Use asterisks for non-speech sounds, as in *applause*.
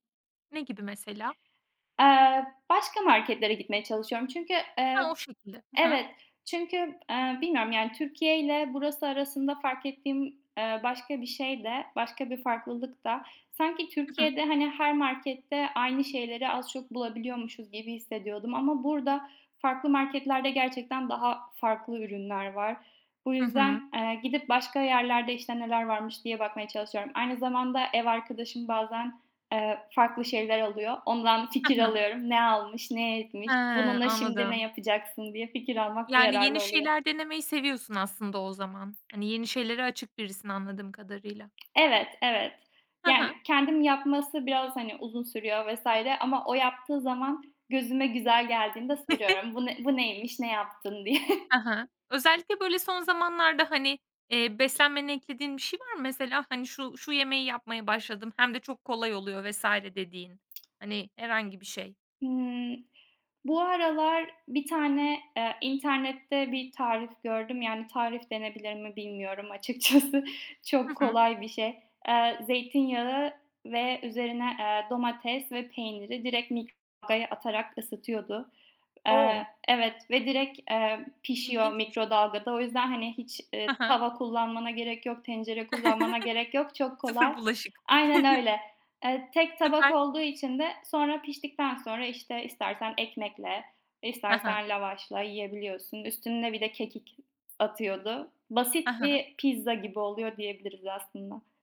Ne gibi mesela? Eee, başka marketlere gitmeye çalışıyorum, çünkü, Ha, o eee şekilde. Hı hı. Evet, çünkü, eee, bilmiyorum, yani, Türkiye ile burası arasında fark ettiğim, eee, başka bir şey de başka bir farklılık da; sanki Hı hı. Türkiye'de hani her markette aynı şeyleri az çok bulabiliyormuşuz gibi hissediyordum ama burada farklı marketlerde gerçekten daha farklı ürünler var. Bu Hı hı. yüzden, eee, gidip başka yerlerde, işte, neler varmış diye bakmaya çalışıyorum. Aynı zamanda ev arkadaşım bazen, eee, farklı şeyler alıyor, ondan Hı fikir hı. alıyorum. Ne almış, ne He, etmiş? Bununla şimdi ne anladım. yapacaksın diye fikir almak Yani yararlı yeni oluyor. şeyler denemeyi seviyorsun aslında o zaman. Hani yeni şeylere açık birisin anladığım kadarıyla. Evet, evet. Ha Yani ha. kendim yapması biraz hani uzun sürüyor vs. ama o yaptığı zaman gözüme güzel geldiğinde *chuckles* soruyorum. Bu n bu neymiş, ne yaptın diye? Ha ha. *chuckles* Özellikle böyle son zamanlarda, hani, eee, beslenmene eklediğin bir şey var mı? Mesela, hani, şu şu yemeği yapmaya başladım hem de çok kolay oluyor vs. dediğin, hani, herhangi bir şey. Hıı, bu aralar bir tane, eee, internette bir tarif gördüm. Yani tarif denebilir mi bilmiyorum açıkçası, Hı çok hı. kolay bir şey. Eee, zeytinyağı ve üzerine, eee, domates ve peyniri direkt mikrodalgaya atarak ısıtıyordu. O! Eee, evet, ve direkt, eee, pişiyor İlginçmiş! mikrodalgada. O yüzden hani hiç, Ha eee, ha. tava kullanmana gerek yok, tencere kullanmana gerek yok, *chuckles* çok Sıfır kolay. bulaşık. Aynen *chuckles* öyle. Eee, tek tabak Süper! olduğu için de sonra piştikten sonra, işte, istersen ekmekle Ha ha. istersen lavaşla yiyebiliyorsun. Üstüne bir de kekik s atıyordu. Ha Basit ha. bir pizza gibi oluyor diyebiliriz aslında.